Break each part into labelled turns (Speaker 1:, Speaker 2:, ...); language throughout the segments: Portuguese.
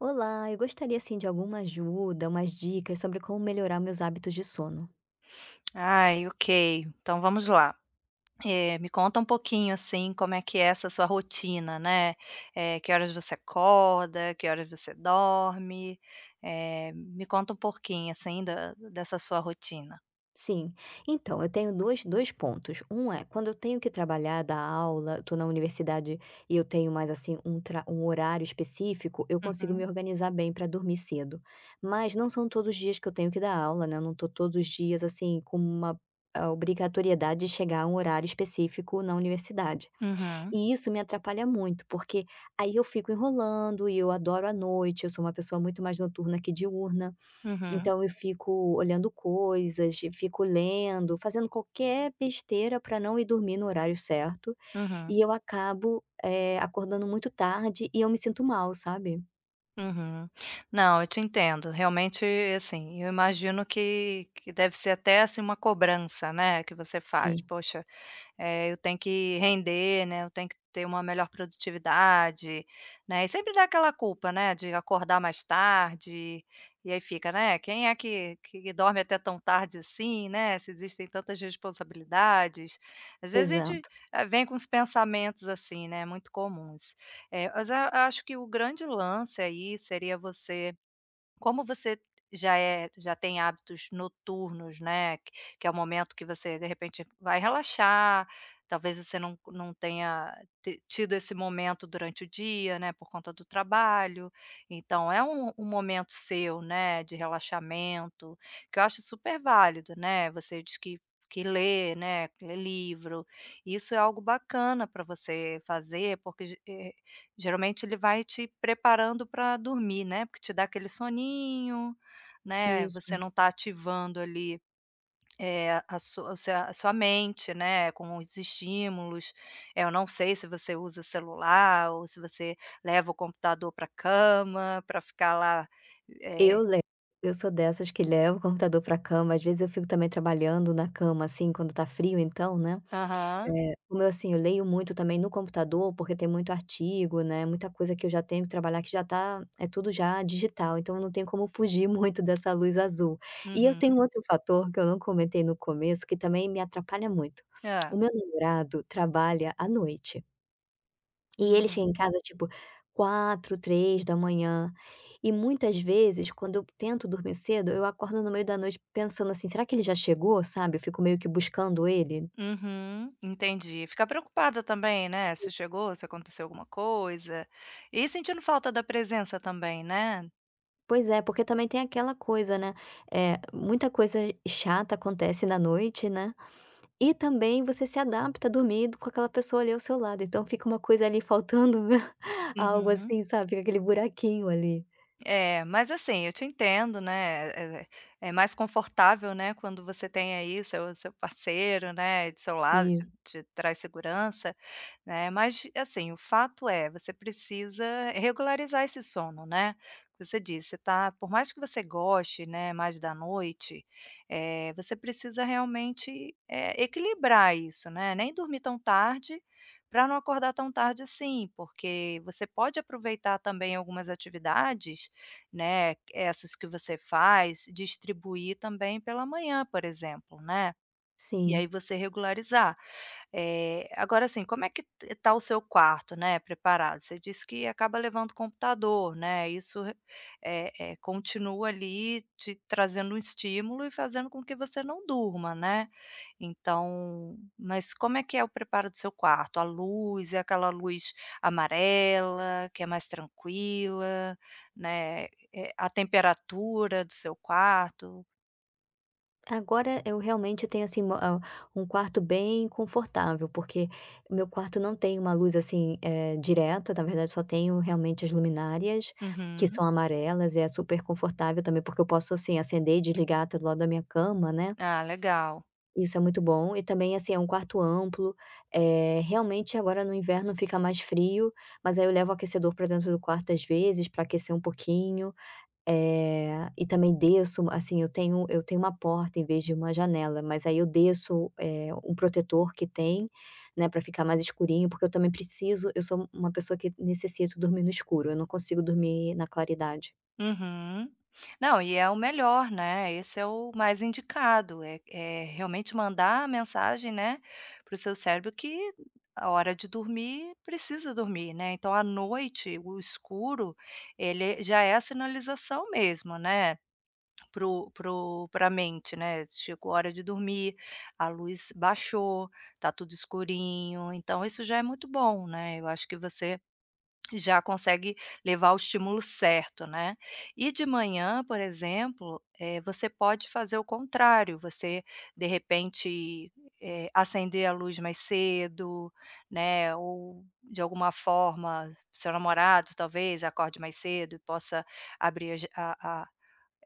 Speaker 1: Olá! Eu gostaria, assim, de alguma ajuda, umas dicas sobre como melhorar meus hábitos de sono.
Speaker 2: Ai, ok, então vamos lá. Eh, me conta um pouquinho, assim, como é que é essa sua rotina, né. Eh, que horas você acorda, que horas você dorme? Eh, me conta um pouquinho, assim da dessa sua rotina.
Speaker 1: Sim, então, eu tenho dois dois pontos, um é: quando eu tenho que trabalhar, dar aula, eu tô na universidade e eu tenho mais, assim, um tra um horário específico, eu consigo me
Speaker 2: Uhum.
Speaker 1: organizar bem pra dormir cedo. Mas não são todos os dias que eu tenho que dar aula, né, eu não tô todos os dias, assim, com uma, ah, obrigatoriedade de chegar um horário específico na universidade.
Speaker 2: Uhum.
Speaker 1: E isso me atrapalha muito, porque aí eu fico enrolando e eu adoro a noite, eu sou uma pessoa muito mais noturna que diurna,
Speaker 2: Uhum.
Speaker 1: então eu fico olhando coisas, fico lendo, fazendo qualquer besteira pra não ir dormir no horário certo, e
Speaker 2: Uhum.
Speaker 1: eu acabo, eh, acordando muito tarde e eu me sinto mal, sabe.
Speaker 2: Uhum. Não, eu te entendo. Realmente, assim, eu imagino que que deve ser até, assim, uma cobrança, né, que você faz:
Speaker 1: Sim.
Speaker 2: "Poxa, eh, eu tenho que render, né, eu tenho que ter uma melhor produtividade", né, e sempre dá aquela culpa, né, de acordar mais tarde, e aí fica, né, quem é que que dorme até tão tarde assim, né, se existem tantas responsabilidades. Às vezes a gente
Speaker 1: Exato.
Speaker 2: vem com uns pensamentos, assim, né, muito comuns. Eh, mas a acho que o grande lance aí seria você como você já é já tem hábitos noturnos, né, que é o momento que você, de repente, vai relaxar, talvez você não não tenha tido esse momento durante o dia, né, por conta do trabalho. Então é um um momento seu, né, de relaxamento, que eu acho super válido, né. Você diz que que lê, né, que lê livro, isso é algo bacana pra você fazer, porque ge eh, geralmente ele vai te preparando pra dormir, né, porque te dá aquele soninho, né, você
Speaker 1: Isso.
Speaker 2: não tá ativando ali, eh, a sua o seu a sua mente, né, com os estímulos. Eh, eu não sei se você usa celular ou se você leva o computador para a cama, pra ficar lá, eh...
Speaker 1: Eu le eu sou dessas que leva o computador para a cama. Às vezes eu fico também trabalhando na cama, assim, quando tá frio, então, né.
Speaker 2: Aham.
Speaker 1: Eh, como eu, assim, eu leio muito também no computador, porque tem muito artigo, né, muita coisa que eu já tenho que trabalhar que já tá é tudo já digital, então eu não tenho como fugir muito dessa luz azul. E eu tenho
Speaker 2: Uhum.
Speaker 1: um outro fator que eu não comentei no começo, que também me atrapalha muito,
Speaker 2: Hã.
Speaker 1: o meu namorado trabalha à noite e ele
Speaker 2: Ah.
Speaker 1: chega em casa, tipo, 04:00, 03:00. E, muitas vezes, quando eu tento dormir cedo, eu acordo no meio da noite pensando assim: "Será que ele já chegou?", sabe, fico meio que buscando ele.
Speaker 2: Uhum, entendi. Fica preocupada também, né, se chegou, se aconteceu alguma coisa, e sentindo falta da presença também, né.
Speaker 1: Pois é, porque também tem aquela coisa, né, eh, muita coisa chata acontece na noite, né. E também, você se adapta dormindo com aquela pessoa ali ao seu lado, então fica uma coisa, ali, faltando, meu algo,
Speaker 2: Uhum.
Speaker 1: assim, sabe, fica aquele buraquinho ali.
Speaker 2: É, mas assim, eu te entendo, né, é é mais confortável, né, quando você tem aí, seu seu parceiro, né, do seu lado, te
Speaker 1: Isso.
Speaker 2: te traz segurança, né, mas assim, o fato é, você precisa regularizar esse sono, né. Você disse, você tá por mais que você goste, né, mais da noite, eh, você precisa realmente, eh, equilibrar isso, né, nem dormir tão tarde, para não acordar tão tarde assim, porque você pode aproveitar também algumas atividades, né, essas que você faz, distribuir também pela manhã, por exemplo, né, e aí
Speaker 1: Sim.
Speaker 2: você regularizar. É, agora assim, como é que t está o seu quarto, né, preparado? Você disse que acaba levando o computador, né, isso re eh eh, continua ali te trazendo um estímulo e fazendo com que você não durma, né. Então mas como é que é o preparo do seu quarto? A luz, é aquela luz amarela, que é mais tranquila, né, eh, a temperatura do seu quarto?
Speaker 1: Agora eu realmente tenho, assim, uma ao um quarto bem confortável, porque meu quarto não tem uma luz, assim, eh, direta, na verdade só tenho realmente as luminárias, que são
Speaker 2: Uhum.
Speaker 1: amarelas e é super confortável também, porque eu posso, assim, acender e desligar, até, do lado da minha cama, né.
Speaker 2: Ah, legal.
Speaker 1: Isso é muito bom, e também assim, é um quarto amplo, eh, realmente agora no inverno fica mais frio, mas aí eu levo o aquecedor para dentro do quarto às vezes, para aquecer um pouquinho. Eh, e também desço u assim, eu tenho eu tenho uma porta em vez de uma janela, mas aí eu desço, eh, um protetor que tem, né, para ficar mais escurinho, porque eu também preciso, eu sou uma pessoa que necessito dormir no escuro, eu não consigo dormir na claridade.
Speaker 2: Uhum. Não, e é o melhor né, esse é o mais indicado, é é realmente mandar a mensagem, né, para o seu cérebro que a hora de dormir precisa dormir, né, então à noite o escuro, ele é já é a sinalização mesmo, né, para o para o pra a mente, né, chegou hora de dormir, a luz baixou, está tudo escurinho. Então isso já é muito bom, né, eu acho que você já consegue levar o estímulo certo, né. E de manhã, por exemplo, eh, você pode fazer o contrário, você de repente, eh, acender a luz mais cedo, né, ou de alguma forma seu namorado talvez acorde mais cedo e possa abrir a ja a a,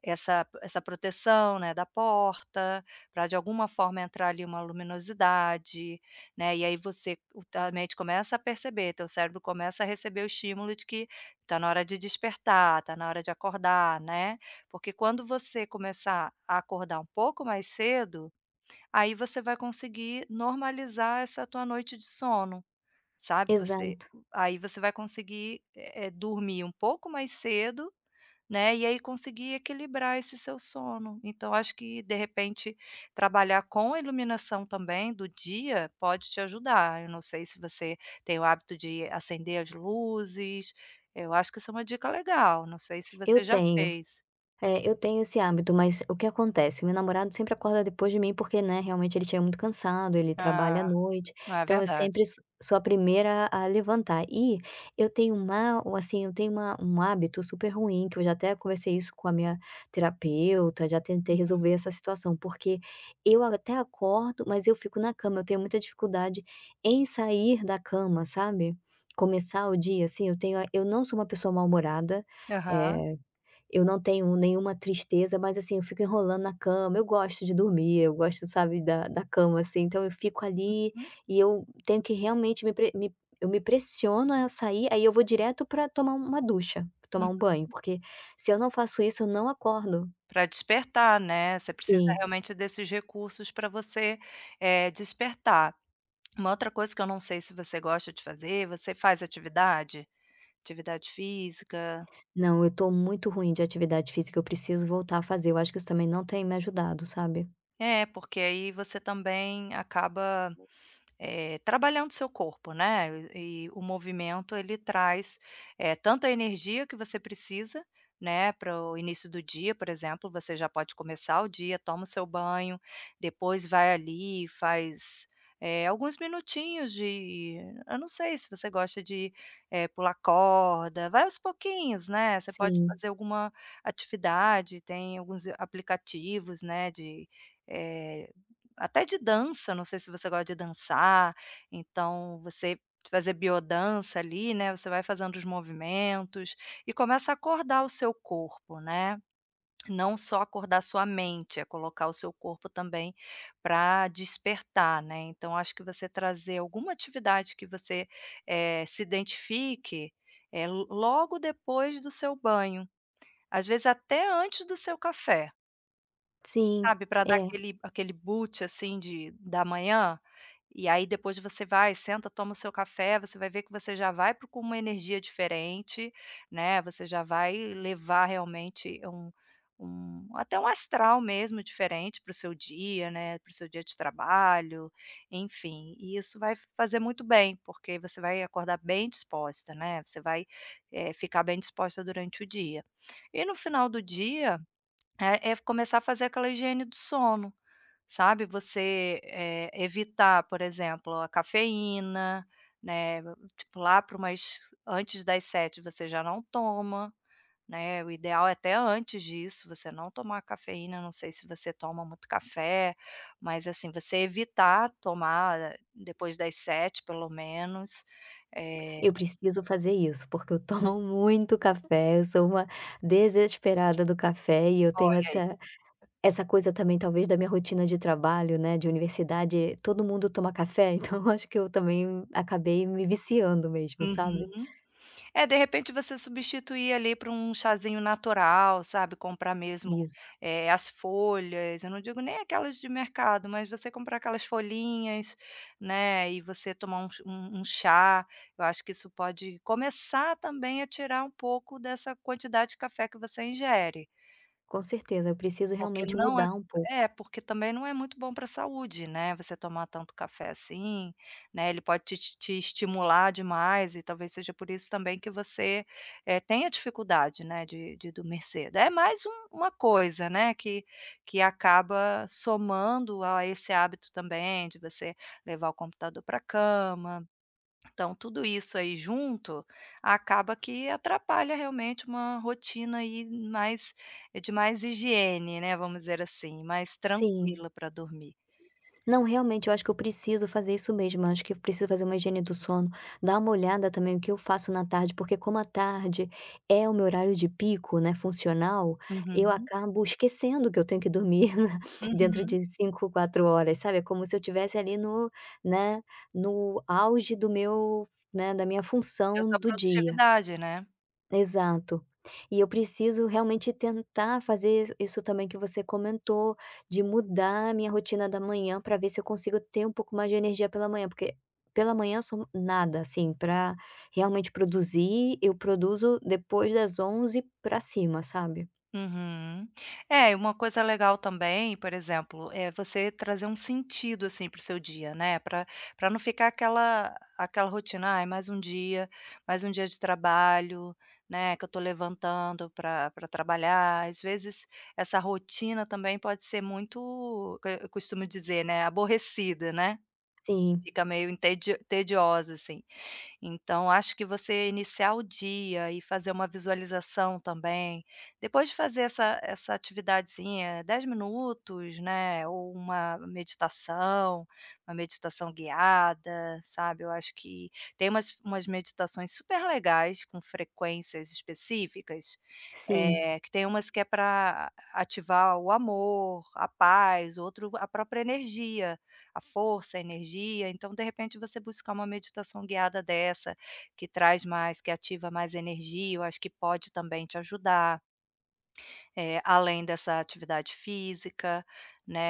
Speaker 2: essa essa proteção, né, da porta pra de alguma forma entrar ali uma luminosidade, né. E aí você o tua mente começa a perceber, teu cérebro começa a receber o estímulo de que tá na hora de despertar, tá na hora de acordar, né. Porque quando você começar a acordar um pouco mais cedo, aí você vai conseguir normalizar essa tua noite de sono, sabe. Você
Speaker 1: Exato.
Speaker 2: aí você vai conseguir, é é dormir um pouco mais cedo, né, e aí conseguir equilibrar esse seu sono. Então acho que de repente trabalhar com a iluminação também do dia pode te ajudar. Eu não sei se você tem o hábito de acender as luzes. Eu acho que isso é um dica legal. Não sei se
Speaker 1: Eu
Speaker 2: você já
Speaker 1: tenho,
Speaker 2: fez.
Speaker 1: eh, eu tenho esse hábito, mas o que acontece? Meu namorado sempre acorda depois de mim porque, né, realmente ele chega muito cansado, ele trabalha à
Speaker 2: Ah,
Speaker 1: noite,
Speaker 2: não é
Speaker 1: então eu
Speaker 2: verdade.
Speaker 1: sempre s sou a primeira a levantar. E eu tenho um há assim eu tenho uma um hábito super ruim que eu já até conversei isso com a minha terapeuta, já tentei
Speaker 2: Uhum.
Speaker 1: resolver essa situação, porque eu até acordo, mas eu fico na cama, eu tenho muita dificuldade em sair da cama, sabe? Começar o dia assim eu tenho a eu não sou uma pessoa mal-humorada,
Speaker 2: Aham.
Speaker 1: eh, eu não tenho nenhuma tristeza, mas assim eu fico enrolando na cama. Eu gosto de dormir, eu gosto, sabe, da da cama assim então eu fico ali, e eu
Speaker 2: [unintelligible]
Speaker 1: tenho que realmente me pre me eu me pressiono a sair, aí eu vou direto para tomar uma ducha, tomar
Speaker 2: Uhum.
Speaker 1: um banho porque se eu não faço isso eu não acordo.
Speaker 2: Para despertar, né. Você precisa
Speaker 1: Sim.
Speaker 2: realmente desses recursos pra você, eh, despertar. Uma outra coisa que eu não sei se você gosta de fazer, você faz atividade? Atividade física.
Speaker 1: Não, eu estou muito ruim de atividade física. Eu preciso voltar a fazer, eu acho que você também não tem me ajudado, sabe?
Speaker 2: É porque aí você também acaba, eh, trabalhando seu corpo, né, e o movimento ele traz, eh, tanto a energia que você precisa, né, para o início do dia por exemplo você já pode começar o dia, toma o seu banho, depois vai ali e faz, eh, alguns minutinhos de eu não sei se você gosta de, eh, pular corda. Vai aos pouquinhos, né. Você pode
Speaker 1: Sim.
Speaker 2: fazer alguma atividade, tem alguns aplicativos, né, de, eh, até de dança, não sei se você gosta de dançar, então você fazer bio-dança ali né. Você vai fazendo os movimentos e começa acordar o seu corpo, né. Não só acordar sua mente, é colocar o seu corpo também pra despertar, né, então acho que você trazer alguma atividade que você, eh, se identifique, eh, lo logo depois do seu banho, às vezes até antes do seu café.
Speaker 1: Sim,
Speaker 2: Sabe, para dar
Speaker 1: é.
Speaker 2: aquele aquele boot, assim, de da manhã. E aí depois você vai, senta, toma o seu café, você vai ver que você já vai para com uma energia diferente, né, você já vai levar realmente um um até um astral mesmo diferente para o seu dia, né, para o seu dia de trabalho, enfim, e isso vai fazer muito bem, porque você vai acordar bem disposta, né, você vai, eh, ficar bem disposta durante o dia. E no final do dia, é é começar a fazer aquela higiene do sono, sabe, você, eh, evitar, por exemplo, a cafeína, né, tipo, lá para umas antes das 19:00 você já não toma, né, o ideal é até antes disso, você não tomar cafeína, não sei se você toma muito café, mas assim, você evitar tomar depois das 19:00, pelo menos. É
Speaker 1: Eu preciso fazer isso, porque eu tomo muito café, eu sou uma desesperada do café e eu tenho
Speaker 2: Olha aí.
Speaker 1: essa essa coisa também talvez da minha rotina de trabalho, né, de universidade, todo mundo toma café, então eu acho que eu também acabei me viciando mesmo, sabe.
Speaker 2: Uhum. Eh, de repente você substituir, ali, por um chazinho natural, sabe, comprar mesmo,
Speaker 1: Isso.
Speaker 2: eh, as folhas, eu não digo nem aquelas de mercado, mas você comprar aquelas folhinhas, né, e você tomar um ch um um chá, eu acho que isso pode começar também a tirar um pouco dessa quantidade de café que você ingere.
Speaker 1: Com certeza, eu preciso
Speaker 2: Porque
Speaker 1: realmente
Speaker 2: não é
Speaker 1: mudar um pouco.
Speaker 2: é, porque também não é muito bom para saúde, né, você tomar tanto café assim, né, ele pode te te te estimular demais, e talvez seja por isso também que você, eh, tenha dificuldade, né, de de dormir cedo. É mais um uma coisa, né, que que acaba somando a esse hábito também de você levar o computador para cama. Então tudo isso aí junto, acaba que atrapalha realmente uma rotina aí, mais de mais higiene, né, vamos dizer assim, mais
Speaker 1: Sim.
Speaker 2: tranquila para dormir.
Speaker 1: Não, realmente, eu acho que eu preciso fazer isso mesmo, eu acho que eu preciso fazer uma higiene do sono. Dar uma olhada também o que eu faço na tarde, porque como à tarde é o meu horário de pico, né, funcional, eu
Speaker 2: Uhum.
Speaker 1: acabo esquecendo que eu tenho que dormir dentro
Speaker 2: Uhum.
Speaker 1: de 5, 4 horas, sabe, é como se eu estivesse ali no, né, no auge do meu, né, da minha
Speaker 2: E a
Speaker 1: função
Speaker 2: sua
Speaker 1: do dia.
Speaker 2: produtividade, né.
Speaker 1: Exato. E eu preciso realmente tentar fazer isso também que você comentou, de mudar a minha rotina da manhã para ver se eu consigo ter um pouco mais de energia pela manhã, porque pela manhã eu sou nada, assim, para realmente produzir, eu produzo depois das 11:00 para cima, sabe.
Speaker 2: Uhum. É, e uma coisa legal também, por exemplo, é você trazer um sentido, assim, para o seu dia, né, para para não ficar aquela aquela rotina: "Ai, mais um dia, mais um dia de trabalho, né, que eu estou levantando para para trabalhar". Às vezes essa rotina também pode ser muito eh, eu costumo dizer, né, aborrecida, né.
Speaker 1: Sim.
Speaker 2: Fica meio intedi tediosa, assim. Então acho que você iniciar o dia e fazer uma visualização também, depois de fazer essa essa atividadezinha, 10 minutos, né, ou uma meditação, uma meditação guiada, sabe, eu acho que tem umas umas meditações super legais com frequências específicas,
Speaker 1: Sim.
Speaker 2: eh, que tem umas que é para ativar o amor, a paz, outro a própria energia, a força, a energia, então de repente você buscar uma meditação guiada dessa, que traz mais que ativa mais energia, eu acho que pode também te ajudar eh, além dessa atividade física,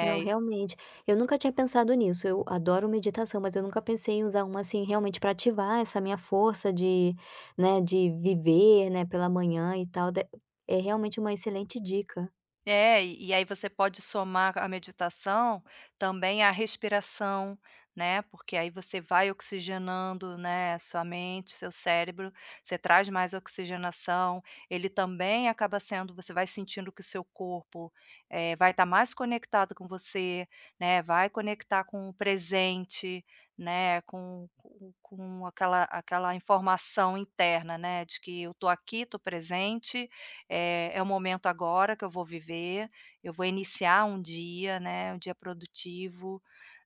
Speaker 1: Não,
Speaker 2: e
Speaker 1: realmente. Eu nunca tinha pensado nisso, eu adoro meditação, mas eu nunca pensei em usar uma, assim, realmente para ativar essa minha força de, né, de viver, né, pela manhã e tal, dé é realmente uma excelente dica.
Speaker 2: É, e e aí você pode somar c a meditação, também a respiração, né, porque aí você vai oxigenando, né, a sua mente, seu cérebro, você traz mais oxigenação, ele também acaba sendo você vai sentindo que o seu corpo, eh, vai estar mais conectado com você, né, vai conectar com o presente, né, com com com aquela aquela informação interna, né, de que: "Eu estou aqui, estou presente, eh, é o momento agora que eu vou viver. Eu vou iniciar um dia, né, um dia produtivo",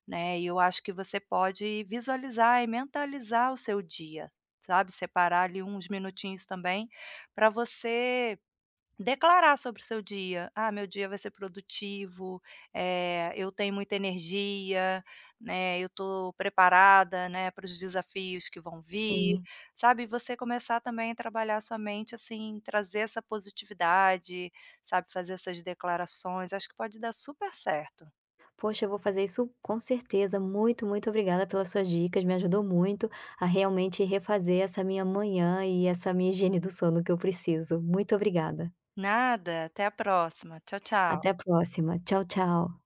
Speaker 2: né, e eu acho que você pode visualizar e mentalizar o seu dia, sabe, separar ali uns minutinhos também para você declarar sobre o seu dia: "Ah, meu dia vai ser produtivo, eh, eu tenho muita energia, né, eu estou preparada, né, para os desafios que vão vir",
Speaker 1: Sim.
Speaker 2: sabe, você começar também a trabalhar a sua mente, assim, trazer essa positividade, sabe, fazer essas declarações, acho que pode dar super certo.
Speaker 1: Poxa, eu vou fazer isso com certeza, muito muito obrigada pelas suas dicas, me ajudou muito a realmente refazer essa minha manhã e essa minha higiene do sono que eu preciso. Muito obrigada.
Speaker 2: Nada, até a próxima. Tchau,
Speaker 1: Até
Speaker 2: tchau.
Speaker 1: a próxima, tchau, tchau.